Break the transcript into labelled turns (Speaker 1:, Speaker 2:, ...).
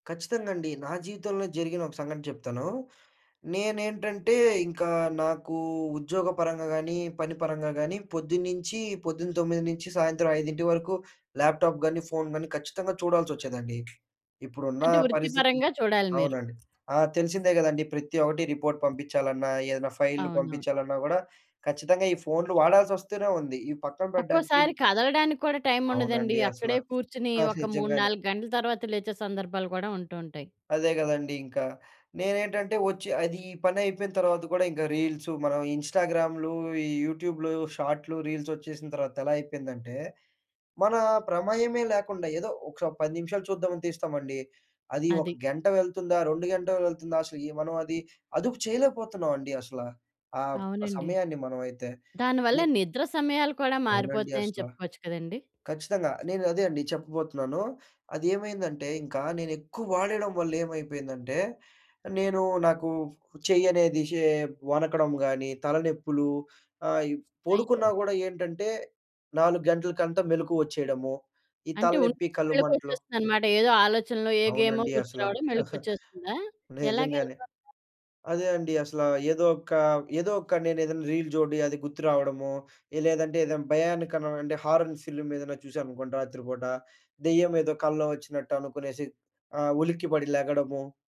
Speaker 1: ఖచ్చితంగండి. నా జీవితంలో జరిగిన ఒక సంఘటన చెప్తాను. నేనేంటంటే ఇంకా నాకు ఉద్యోగపరంగా గానీ, పని పరంగా కానీ పొద్దున్నుంచి పొద్దున 9 నుంచి సాయంత్రం 5 వరకు ల్యాప్ టాప్ గానీ, ఫోన్ గానీ ఖచ్చితంగా చూడాలచొచ్చేదండి. ఇప్పుడున్న
Speaker 2: అంటే వృత్తి
Speaker 1: పరిస్థితి
Speaker 2: పరంగా చూడాలి మీరు.
Speaker 1: అవునండి. ఆ! తెలిసిందే కదండీ! ప్రతి ఒకటి రిపోర్ట్ పంపించాలన్నా ఏదైనా ఫైల్‌లు
Speaker 2: అవును.
Speaker 1: పంపించాలన్నా గూడా ఖచ్చితంగా ఈ ఫోన్‌లు వాడాల్సొస్తూనే ఉంది ఈ పక్కన పెడ్డానికి
Speaker 2: ఒక్కోసారి
Speaker 1: ల్
Speaker 2: కదలడానికి కూడా టైమ్ ఉండదండి.
Speaker 1: అవునండి అసల.
Speaker 2: అక్కడే కూర్చొని
Speaker 1: ఆ!
Speaker 2: ఒక మూడు
Speaker 1: నిజంగానే.
Speaker 2: నాలుగు గంటల తర్వాత లేచే సందర్భాలు కూడా ఉంటూ ఉంటాయి.
Speaker 1: అదే కదండీ ఇంకా. నేనేంటంటే వచ్చి అది ఈ పనైపోయిన తర్వాత కూడా ఇంక రీల్సు మనం ఇన్‌స్టాగ్రామ్‌లు, ఈ యూట్యూబ్‌లు, షార్ట్‌లు, రీల్సొచ్చేసిన తర్వాత ఎలా అయిపోయిందంటే, మన ప్రమేయమే లేకుండా ఏదో ఒక 10 నిమిషాలు చూద్దామని తీస్తామండి. అది ఒక
Speaker 2: అది.
Speaker 1: గంట వెళ్తుందా? 2 గంటలు వెళ్తుందా? అసలు మనం అది అదుపు చేయలేకపోతున్నామండి అసల. ఆ బ్
Speaker 2: అవునండి.
Speaker 1: సమయాన్ని మనమైతే.
Speaker 2: దాని వల్ల
Speaker 1: ఏ
Speaker 2: నిద్ర సమయాలు కూడా
Speaker 1: అవునండి
Speaker 2: మారిపోతున్నాయని
Speaker 1: అసల.
Speaker 2: చెప్పుకోవచ్చు కదండీ!
Speaker 1: ఖచ్చితంగా నేనదే అండి చెప్పబోతున్నాను. అదేమైందంటే ఇంకా నేనెక్కువ వాడెయ్యడం వల్లేమైపోయిందంటే నేను నాకు చెయ్యనేది షే వనకడం గానీ తలనొప్పులు. ఆహ్, ఈ పొడుకున్నా
Speaker 2: అయ్యో!
Speaker 1: గూడా ఏంటంటే 4 గంటలకంటా మెలుకువొచ్చేయడము. ఈ
Speaker 2: అంటే
Speaker 1: తలనెప్పి
Speaker 2: ఉండుండి
Speaker 1: కళ్ళు మంటలు.
Speaker 2: మెలకువొచ్చేస్తుందనమాట. ఏదో ఆలోచనలు, ఏ గేమో
Speaker 1: అవునండి
Speaker 2: గుర్తు
Speaker 1: అసల.
Speaker 2: రావడం మేలుకువొచ్చేస్తుందా? ఎలాగే
Speaker 1: నిజంగానే.
Speaker 2: అయిపోతుందా?
Speaker 1: అదే అండి అసల. ఏదో ఒక ఏదో ఒక నేనేదైనా రీల్ జోడీ అది గుర్తురావడము. లేదంటే ఏదైనా భయానక అంటే హారన్ సిల్మ్ ఏదన్నచూసాననుకోండి రాత్రి పూట, దెయ్యం ఏదో కల్లో వచ్చినట్టు అనుకునేసి ఆహ్, ఉలిక్కిపడి లెగడము